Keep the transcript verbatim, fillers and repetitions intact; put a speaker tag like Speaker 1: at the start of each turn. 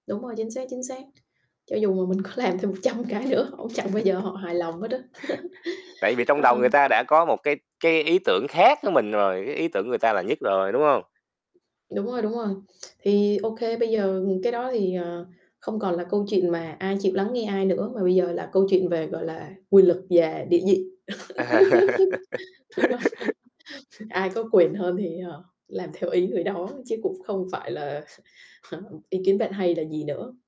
Speaker 1: Đúng rồi, chính xác, chính xác. Cho dù mà mình có làm thêm một trăm cái nữa họ cũng chẳng bao giờ họ hài lòng hết á.
Speaker 2: Tại vì trong
Speaker 1: Ờ.
Speaker 2: đầu người ta đã có một cái cái ý tưởng khác với mình rồi, cái ý tưởng của người ta là nhất rồi, đúng hông?
Speaker 1: Đúng rồi, đúng rồi. Thì OK, bây giờ cái đó thì, ờ, không còn là câu chuyện mà ai chịu lắng nghe ai nữa mà bây giờ là câu chuyện về, gọi là, quyền lực và địa vị. Đúng hông? Ai có quyền hơn thì, ờ, làm theo ý người đó chứ cũng không phải là ý kiến bạn hay là gì nữa.